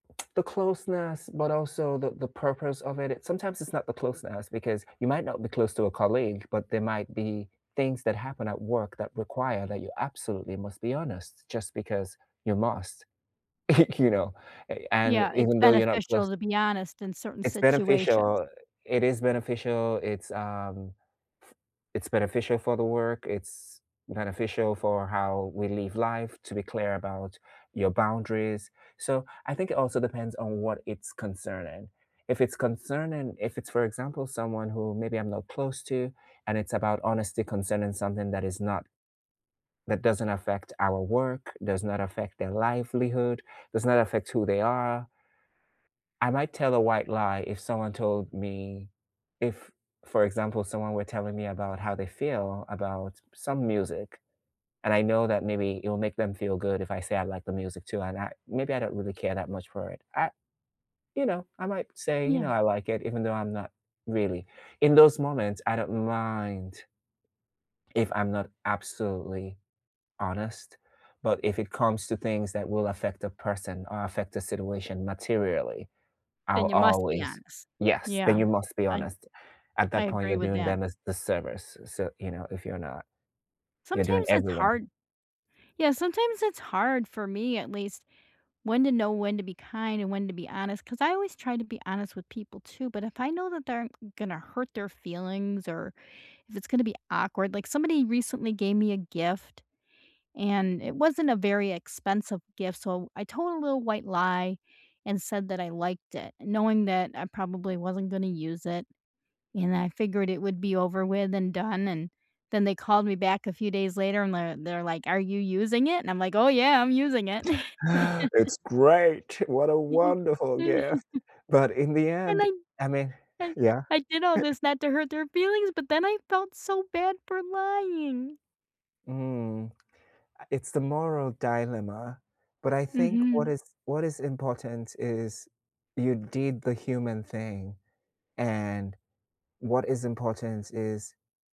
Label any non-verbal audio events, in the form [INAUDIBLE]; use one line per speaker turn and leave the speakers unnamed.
The closeness, but also the the purpose of it, it sometimes it's not the closeness, because you might not be close to a colleague, but there might be things that happen at work that require that you absolutely must be honest, just because you must. [CHUCKLES] You know, eh, and
Yeah, it's
even though you're not close
beneficial to be honest in certain
it's
situations.
beneficial it is beneficial, it's um, f it's beneficial for the work, it's beneficial for how we live life to be clear about your boundaries, so, I think it also depends on what it's concerning. If it's concerning if it's, for example, someone who, maybe I'm not close to, and it's about honesty concerning something that is not that doesn't affect our work, does not affect their livelihood, does not affect who they are I might tell a white lie if someone told me if, for example, someone were telling me about how they feel about some music, and I know that maybe it will make them feel good if I say I like the music too, and I maybe I don't really care that much for it, I you know, I might say, you know,
Yeah.
I like it, even though I'm not, really in those moments, I don't mind if I'm not absolutely honest, but if it comes to things that will affect a person, or affect the situation materially, I'll
Then you must be
always
honest.
Yes, then
Yeah.
you must be
I
honest. At
I
that point, you're
agree with
doing
that.
them a disservice, so, you know, if you're not you're doing
Sometimes it's
everyone
hard Yeah, sometimes it's hard, for me, at least, when to know when to be kind, and when to be honest, 'cause I always try to be honest with people too, but if I know that they're m gonna hurt their feelings, or if it's gonna be awkward- like, somebody recently gave me a gift, and it wasn't a very expensive gift, so I told a little white lie, and said that I liked it, knowing that I probably wasn't gonna use it, and I figured it would be over with and done, and then they called me back a few days later, and they're they're like, "Are you using it?" and I'm like, "Oh, yeah, I'm using it!"
[CHUCKLES] [INHALES]
[LAUGHS]
"It's great! What a wonderful gift!"
[CHUCKLES]
But in the
And
end,
I
I mean
I
Yeah?
I did all
[CHUCKLES]
this not to hurt their feelings, but then I felt so bad for lying.
Mm. I It's the moral dilemma, but I think what
Mhm.
is what is important is you did the human thing, and what is important is